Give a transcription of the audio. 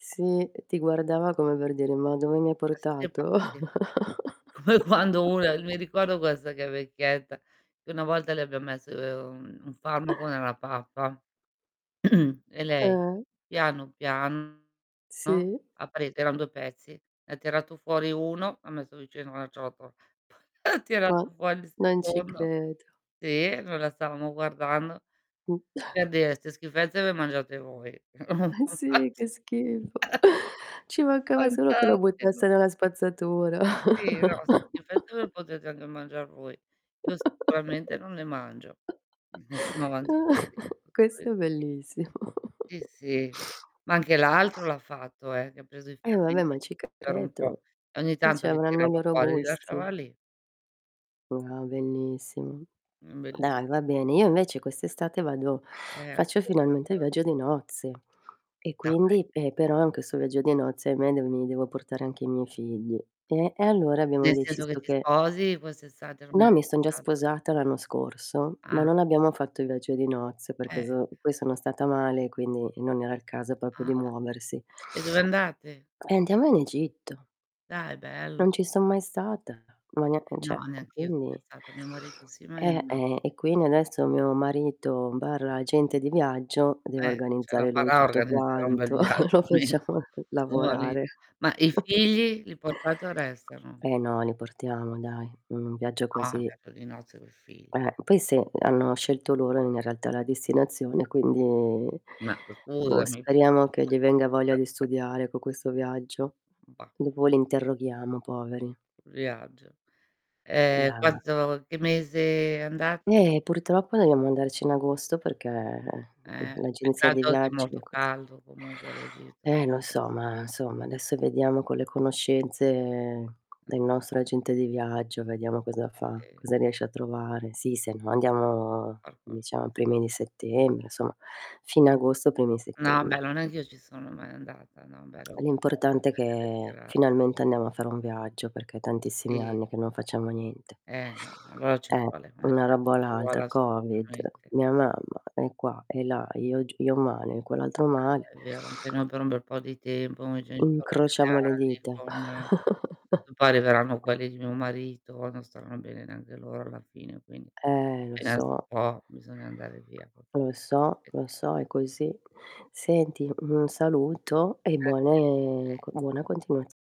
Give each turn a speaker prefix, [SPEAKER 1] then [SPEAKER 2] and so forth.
[SPEAKER 1] Sì, ti guardava come per dire, ma dove mi hai
[SPEAKER 2] Ma siete
[SPEAKER 1] portato?
[SPEAKER 2] pazzi? Come quando una mi ricordo questa che è vecchietta, che una volta le abbiam messo un farmaco nella pappa e lei
[SPEAKER 1] Eh.
[SPEAKER 2] piano piano
[SPEAKER 1] Sì.
[SPEAKER 2] ha pre eran 2 pezzi, ne ha tirato fuori 1 l'ha messo vicino la ciotola, poi tirato
[SPEAKER 1] Ma
[SPEAKER 2] fuori il
[SPEAKER 1] non ci
[SPEAKER 2] secondo
[SPEAKER 1] credo.
[SPEAKER 2] sì, noi la stavamo guardando,
[SPEAKER 1] Mh,
[SPEAKER 2] per dire: "'Ste schifezze le mangiate voi".
[SPEAKER 1] Eh, sì che schifo. Ci mancava solo che lo buttasse
[SPEAKER 2] Fantastico.
[SPEAKER 1] nella spazzatura.
[SPEAKER 2] Sì, no: "S schifezze le potete andà a mangiar voi. Io sicuramente non le mangio".
[SPEAKER 1] Questo è
[SPEAKER 2] [unintelligible]
[SPEAKER 1] bellissimo.
[SPEAKER 2] Sì, sì, ma anche l'altro l'ha fatto eh, che ha preso i
[SPEAKER 1] E vabbè,
[SPEAKER 2] fermenti
[SPEAKER 1] ma ci
[SPEAKER 2] per un po'
[SPEAKER 1] credo.
[SPEAKER 2] e ogni
[SPEAKER 1] Eh,
[SPEAKER 2] tanto li
[SPEAKER 1] c'avranno i
[SPEAKER 2] tirava
[SPEAKER 1] loro
[SPEAKER 2] fuori, li
[SPEAKER 1] gusti.
[SPEAKER 2] lasciava lì.
[SPEAKER 1] Wow bellissimo.
[SPEAKER 2] Mh bellis
[SPEAKER 1] Dai va bene, io invece quest'estate vado
[SPEAKER 2] Eh
[SPEAKER 1] faccio finalmente il
[SPEAKER 2] [unintelligible]
[SPEAKER 1] viaggio di nozze e
[SPEAKER 2] Dai.
[SPEAKER 1] quindi, eh, però in questo viaggio di nozze, ahimè de mi devo portare anche i miei figli. Eh, e allora abbiamo
[SPEAKER 2] Nel senso che
[SPEAKER 1] deciso
[SPEAKER 2] ti
[SPEAKER 1] che
[SPEAKER 2] sposi quest'estate, non
[SPEAKER 1] no,
[SPEAKER 2] eri
[SPEAKER 1] mi son già
[SPEAKER 2] sposata?
[SPEAKER 1] sposata l'anno scorso, ma
[SPEAKER 2] Ah.
[SPEAKER 1] non abbiamo fatto il viaggio di nozze, perché
[SPEAKER 2] Eh.
[SPEAKER 1] zo poi sono stata male, quindi non era il caso proprio
[SPEAKER 2] Ah.
[SPEAKER 1] di muoversi.
[SPEAKER 2] E dove andate?
[SPEAKER 1] Eh, andiamo in Egitto.
[SPEAKER 2] Dai bello.
[SPEAKER 1] Non ci son mai stata, ma nea e
[SPEAKER 2] No,
[SPEAKER 1] cioè e
[SPEAKER 2] neanch'io son
[SPEAKER 1] quindi
[SPEAKER 2] stata a mio marito sì, ma io
[SPEAKER 1] eh,
[SPEAKER 2] no.
[SPEAKER 1] e quindi adesso mio marito/agente di viaggio, deve
[SPEAKER 2] Eh, ce la
[SPEAKER 1] organizzare lui
[SPEAKER 2] farà a
[SPEAKER 1] tutto
[SPEAKER 2] organizzare un bel
[SPEAKER 1] quanto,
[SPEAKER 2] viaggio
[SPEAKER 1] lo
[SPEAKER 2] almeno
[SPEAKER 1] facciamo
[SPEAKER 2] tuo mari
[SPEAKER 1] lavorare.
[SPEAKER 2] ma i figli? Li portate o restano?
[SPEAKER 1] Eh no li portiamo dai, un viaggio
[SPEAKER 2] Ah un
[SPEAKER 1] così.
[SPEAKER 2] viaggio di nozze coi figl
[SPEAKER 1] Eh, poi sì, hanno scelto loro in realtà la destinazione quindi
[SPEAKER 2] Ma
[SPEAKER 1] boh
[SPEAKER 2] scusami però
[SPEAKER 1] speriamo che gli venga voglia di studiare co' questo viaggio.
[SPEAKER 2] Bah.
[SPEAKER 1] Dopo li interroghiamo poveri.
[SPEAKER 2] Viaggio, ehm,
[SPEAKER 1] Da
[SPEAKER 2] quanto che mese andate?
[SPEAKER 1] Eh, purtroppo, dobbiamo andarci in agosto, perché, mhmm,
[SPEAKER 2] Eh,
[SPEAKER 1] l'agenzia dei
[SPEAKER 2] peccato che è
[SPEAKER 1] viaggi è
[SPEAKER 2] molto
[SPEAKER 1] così.
[SPEAKER 2] caldo comunque l'Egitto
[SPEAKER 1] Eh, lo
[SPEAKER 2] [unintelligible]
[SPEAKER 1] so, ma insomma adesso vediamo con le conoscenze
[SPEAKER 2] [unintelligible]
[SPEAKER 1] del nostro agente di viaggio, vediamo cosa fa,
[SPEAKER 2] Sì.
[SPEAKER 1] cosa riesce a trovare. Sì, se no andiamo
[SPEAKER 2] Far qualcosa.
[SPEAKER 1] diciamo i primi di settembre, insomma fine agosto primi
[SPEAKER 2] No, beh
[SPEAKER 1] settembre.
[SPEAKER 2] non è che ci sono mai andata, no però
[SPEAKER 1] L'importante è
[SPEAKER 2] [unintelligible]
[SPEAKER 1] che
[SPEAKER 2] piramidi.
[SPEAKER 1] finalmente andiamo a fare un viaggio, perché è tantissimi
[SPEAKER 2] Sì.
[SPEAKER 1] anni che non facciamo niente.
[SPEAKER 2] Eh no, allora ci
[SPEAKER 1] Eh,
[SPEAKER 2] vuole, ogni
[SPEAKER 1] una
[SPEAKER 2] tanto
[SPEAKER 1] roba o
[SPEAKER 2] ci vuole
[SPEAKER 1] l'altra, Covid,
[SPEAKER 2] assolutamente.
[SPEAKER 1] mia mamma è qua e là, io g io male, e quell'altro
[SPEAKER 2] Ah
[SPEAKER 1] male.
[SPEAKER 2] è vero, [unintelligible] per un bel po' di tempo, i genitori
[SPEAKER 1] Incrociamo le
[SPEAKER 2] anziani
[SPEAKER 1] dita.
[SPEAKER 2] con [unintelligible] arriveranno quelli di mio marito, non staranno bene neanche loro alla fine, quindi
[SPEAKER 1] Eh, lo
[SPEAKER 2] appena si
[SPEAKER 1] so.
[SPEAKER 2] può bisogna andare via
[SPEAKER 1] Lo so lo
[SPEAKER 2] [unintelligible]
[SPEAKER 1] so, è così. Senti un saluto e
[SPEAKER 2] Grazie
[SPEAKER 1] buone
[SPEAKER 2] mille.
[SPEAKER 1] c buona continuaz